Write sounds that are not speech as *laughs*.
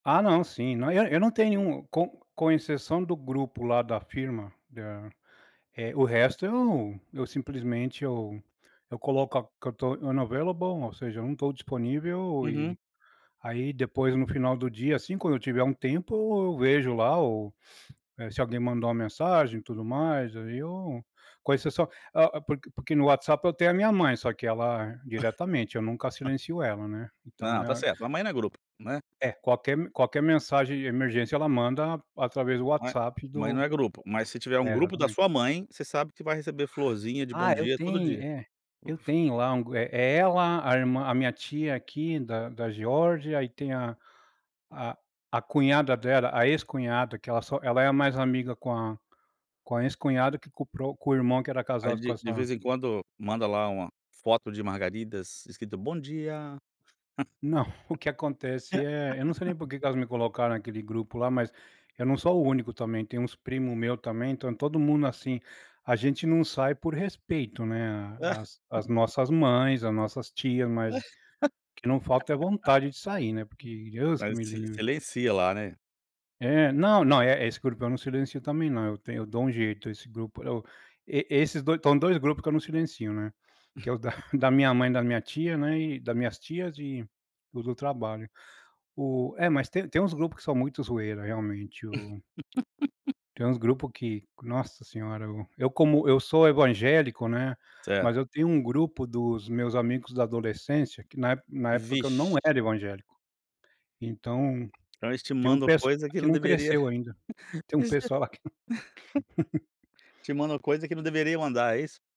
Ah não, sim, não é eu não tenho nenhum com com exceção do grupo lá da firma, da Eh, o resto eu eu simplesmente eu eu coloco que eu tô unavailable, ou seja, eu não estou disponível Uhum. e, aí depois no final do dia, assim quando eu tiver um tempo, vejo lá ou *sniffs* se alguém mandou uma mensagem e tudo mais, aí eu com a exceção ah, porque no WhatsApp eu tenho a minha mãe, só que ela diretamente, eu nunca *chuckles* silencio ela, né. Então Não, tá é certo, mamãe não é grupo, né. É, qualquer m qualquer mensagem de emergência ela manda através do Mãe WhatsApp mãe não do é grupo, mas se tiver um É grupo da exatamente. sua mãe, você sabe que vai receber florzinha de bom Ah eu dia todo tenho dia. é, eu O Fo tenho lá um é é ela, a irmã a minha tia aqui da da Geórgia, aí tem a a cunhada dela, a ex-cunhada que ela só ela é mais amiga com a com a ex-cunhada, que com o pro com o irmão que era Aí casado com de de essa vez em quando manda lá uma foto de margaridas escrito "bom dia". Não, o que acontece é, eu não sei *laughs* nem por que que elas me colocaram naquele grupo lá, mas eu não sou o único também, tem uns primo meu também, então todo mundo, assim, a gente não sai por respeito né, as *laughs* as nossas mães, as nossas tias mas, que não falta é vontade de sair, né. Porque *laughs* Deus que Mas me si livre. silencia lá, né? É, não não, eh, esse grupo eu não silencio também não, eu tenho eu dou um jeito, esse grupo, eu e esses do são 2 grupos que eu não silencio, né. Que é o da *chuckles* *chuckles* da minha mãe e da minha tia, né, e das minhas tias e o do trabalho. O é, mas tem tem uns grupo que são muito zoeira realmente o *laughs* Tem uns grupo que, nossa senhora, eu como eu sou evangélico, né. Certo. Mas eu tenho um grupo dos meus amigos da adolescência que na na época que eu não Vixe. era evangélico. Então, Então eles te tem um mandam pesso coisa que que não não deveria. cresceu ainda, *laughs* tem um *unintelligible* pessoal lá que *laughs* Te mandam coisa que não deveria mandar, é isso?